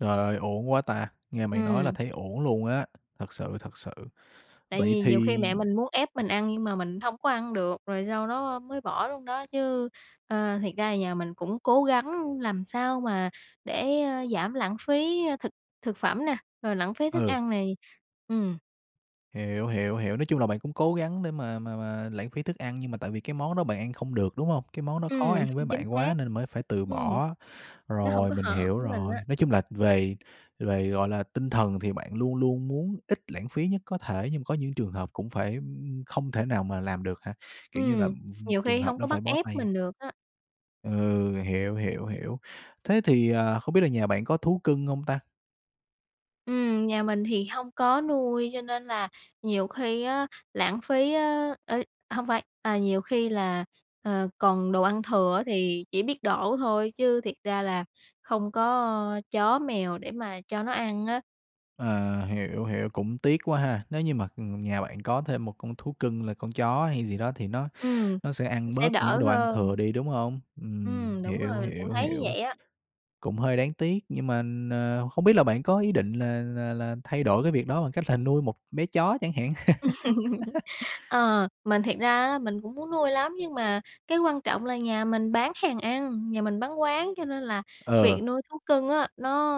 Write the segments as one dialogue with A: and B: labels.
A: Trời ơi, uổng quá ta! Nghe bạn nói là
B: Ừm.
A: thấy uổng luôn á. Thật sự, thật sự.
B: Tại
A: Vậy
B: vì nhiều khi
A: thì
B: mẹ mình muốn ép mình ăn nhưng mà mình hông có ăn được, rồi sau đó mới bỏ luôn đó chứ. Ờ, thiệt ra là nhà mình cũng cố gắng làm sao mà để, ơ, giảm lãng phí, a, thực thực phẩm nè, rồi lãng phí thức
A: Ừ.
B: ăn này, ừm.
A: Hiểu, hiểu, hiểu, nói chung là bạn cũng cố gắng để mà mà mà lãng phí thức ăn nhưng mà tại vì cái món đó bạn ăn không được, đúng hông? Cái món đó khó
B: Ừm,
A: ăn với
B: chính
A: bạn
B: xác.
A: quá nên là mới phải từ
B: Ừm.
A: bỏ.
B: Nó hông
A: Rồi,
B: có
A: mình
B: hợp
A: hiểu
B: với mình á.
A: rồi, nói chung là về về, gọi là, tinh thần thì bạn luôn luôn muốn ít lãng phí nhất có thể nhưng mà có những trường hợp cũng phải không thể nào mà làm được hả? Kiểu như là
B: Ừm,
A: [unintelligible]
B: nhiều
A: trường
B: khi
A: hợp
B: hông có
A: đó
B: bắt
A: phải bó
B: ép
A: tay.
B: mình được á.
A: Ừ, hiểu, hiểu, hiểu. Thế thì, ờ, không biết là nhà bạn có thú cưng hông ta?
B: Ừm, nhà mình thì hông có nuôi cho nên là nhiều khi á lãng phí á ê, hông phải, à, nhiều khi là, ờ, còn đồ ăn thừa á thì chỉ biết đổ thôi chứ thiệt ra là không có chó mèo để mà cho nó ăn á.
A: À, hiểu, hiểu, cũng tiếc quá ha! Nếu như mà, ừm, nhà bạn có thêm một con thú cưng là con chó hay gì đó thì nó
B: Ừm,
A: nó sẽ
B: nó
A: ăn
B: sẽ
A: bớt những
B: đỡ
A: cái đồ ăn
B: hơn.
A: thừa đi, đúng hông? Ừm,
B: Ừm, đúng
A: hiểu,
B: rồi, mình cũng
A: hiểu,
B: thấy như
A: hiểu.
B: vậy á.
A: Cũng hơi đáng tiếc nhưng mà n không biết là bạn có ý định là là là thay đổi cái việc đó bằng cách là nuôi một bé chó chẳng hạn.
B: Ờ, mình thiệt ra á là mình cũng muốn nuôi lắm, nhưng mà cái quan trọng là nhà mình bán hàng ăn, nhà mình bán quán. Cho nên là
A: Ờ.
B: việc nuôi thú cưng á, nó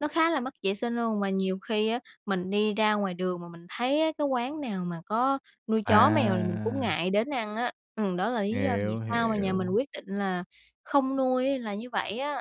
B: nó khá là mất vệ sinh luôn, mà nhiều khi á mình đi ra ngoài đường mà mình thấy á cái quán nào mà có nuôi chó, mèo là mình cũng
A: À!
B: ngại đến ăn á. Ừm, đó là lý do vì
A: Hiểu,
B: sao mà nhà mình
A: hiểu.
B: quyết định là không nuôi là như vậy á.